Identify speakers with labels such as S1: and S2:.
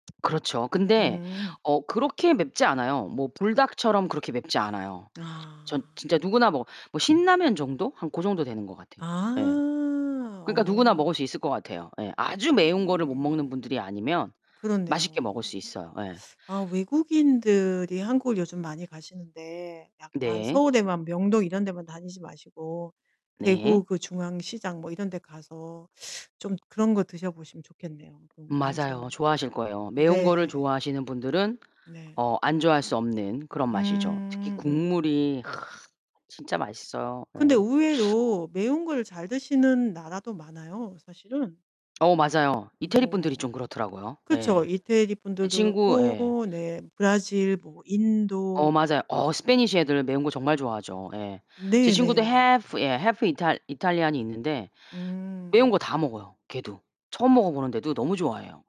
S1: 그렇죠. 근데
S2: 음.
S1: 어 그렇게 맵지 않아요. 뭐 불닭처럼 그렇게 맵지 않아요. 전
S2: 아.
S1: 진짜 누구나 뭐 뭐 신라면 정도? 한 고 정도 되는 것 같아요, 예.
S2: 아
S1: 그러니까 누구나
S2: 어.
S1: 먹을 수 있을 것 같아요. 예. 아주 매운 거를 못 먹는
S2: 음
S1: 분들이 아니면 맛있게
S2: 그렇네요.
S1: 먹을 수 있어요. 예.
S2: 아 외국인들이 한국을 요즘 많이 가시는데 약간
S1: 네.
S2: 서울에만 명동 이런 데만 다니지 마시고
S1: 네.
S2: 대구 그 중앙시장 뭐 이런 데 가서 좀 그런 거 드셔보시면 좋겠네요 너무
S1: 맞아요,
S2: 완전.
S1: 좋아하실 거예요. 매운 거를
S2: 네.
S1: 좋아하시는 분들은
S2: 네.
S1: 어 안 좋아할 수 없는 그런 맛이죠. 특히
S2: 음.
S1: 국물이 진짜 맛있어요.
S2: 근데
S1: 예.
S2: 의외로 매운 걸 잘 드시는 나라도 많아요, 사실은.
S1: 어, 맞아요. 이태리 분들이
S2: 뭐
S1: 좀 그렇더라고요.
S2: 그쵸,
S1: 예.
S2: 이태리
S1: 제
S2: 분들도
S1: 친구 예.
S2: 그렇고, 네, 브라질, 뭐
S1: 어,
S2: 인도 뭐
S1: 맞아요. 어 스패니시 애들 매운 거 정말 좋아하죠. 예. 제 친구도
S2: 네네.
S1: half 예, half 이탈 이탈리안이 있는데 매운 거
S2: 음.
S1: 다 먹어요, 걔도. 처음 먹어보는데도 너무 좋아해요.